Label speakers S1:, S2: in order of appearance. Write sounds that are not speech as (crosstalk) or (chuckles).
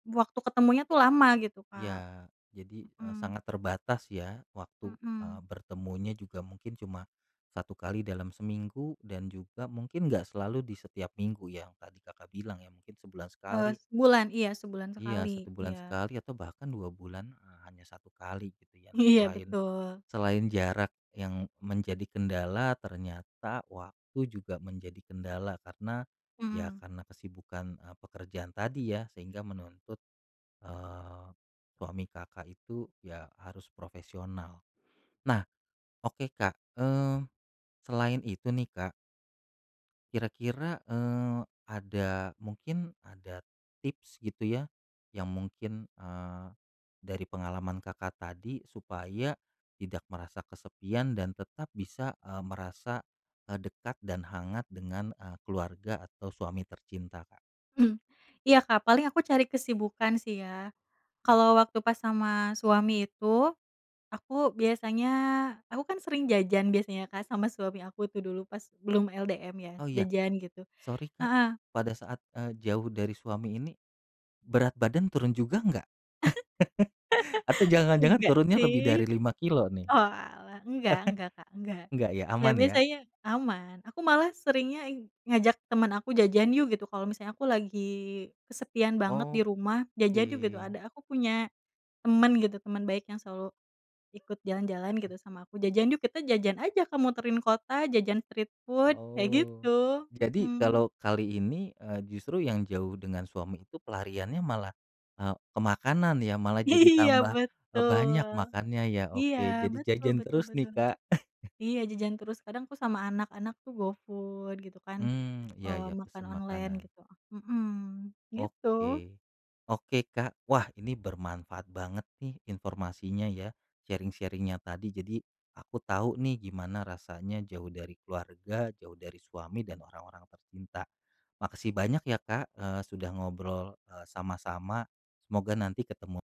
S1: Waktu ketemunya tuh lama gitu, Kak.
S2: Iya. Jadi, e
S1: Mhm.
S2: sangat terbatas ya waktu, eee,
S1: Mhm.
S2: bertemunya juga mungkin cuma 1 kali dalam seminggu, dan juga mungkin nggak selalu di setiap minggu yang tadi Kakak bilang, ya mungkin sebulan
S1: Eee,
S2: sekali.
S1: sebulan. Iya sebulan
S2: Iya 1
S1: sekali,
S2: bulan
S1: iya.
S2: sekali atau bahkan 2 bulan, eee, hanya 1 kali, gitu ya. Nah,
S1: Iya,
S2: selain
S1: betul.
S2: selain jarak yang menjadi kendala ternyata waktu juga menjadi kendala karena ya
S1: Mhm.
S2: karena kesibukan, e pekerjaan tadi ya sehingga menuntut, eee, suami Kakak itu, ya harus profesional. Nah, oke Kak, eee, selain itu nih Kak kira-kira, eee, ada mungkin, ada tips gitu ya, yang mungkin, eee, dari pengalaman Kakak tadi supaya tidak merasa kesepian dan tetap bisa, eee, merasa, e dekat dan hangat dengan, e keluarga atau suami tercinta, Kak.
S1: Mmm. Iya Kak, paling aku cari kesibukan sih ya. Kalau waktu pas sama suami itu, aku biasanya aku kan sering jajan biasanya Kak, sama suami aku tuh dulu pas belum LDM ya,
S2: Oh ya.
S1: jajan gitu.
S2: Sorry Kak,
S1: Heeh.
S2: pada saat, eee, jauh dari suami ini, berat badan turun juga nggak? (laughs) Atau
S1: (laughs)
S2: jangan-jangan
S1: Enggak
S2: turunnya lebih
S1: sih.
S2: dari 5 kilo nih.
S1: Oalah, nggak nggak Kak, nggak.
S2: Nggak ya,
S1: Ya
S2: aman ya.
S1: biasanya aman. Aku malah seringnya i ngajak teman aku, "jajan yuk" gitu, kalo misalnya aku lagi kesepian banget di rumah, "jajan yuk" gitu.
S2: Oke.
S1: Ada aku punya teman gitu, teman baik yang selalu ikut jalan-jalan gitu sama aku, jajan yuk, kita jajan aja Kak, muterin kota, jajan street food, kayak
S2: Oh.
S1: gitu,
S2: Jadi
S1: mhm.
S2: kalau kali ini, eee, justru yang jauh dengan suami itu pelariannya malah, e ke makanan ya, malah jadi
S1: Iya
S2: tambah
S1: betul
S2: banyak makannya ya.
S1: iya
S2: Oke jadi
S1: betul
S2: jajan
S1: betul
S2: terus nih,
S1: betul.
S2: Kak. (chuckles)
S1: Iya jajan terus, kadang aku sama anak-anak tuh go food, gitu kan,
S2: Mmm, iya
S1: eee,
S2: ya,
S1: makan
S2: pesan
S1: online
S2: makanan.
S1: gitu. Mhm, gitu.
S2: Oke. Oke Kak. Wah, ini bermanfaat banget nih informasinya ya, sharing-sharing-nya tadi. Jadi, aku tahu nih gimana rasanya jauh dari keluarga, jauh dari suami, dan orang-orang tercinta. Makasih banyak ya Kak, eee, sudah ngobrol, eee, sama-sama, semoga nanti ketemu.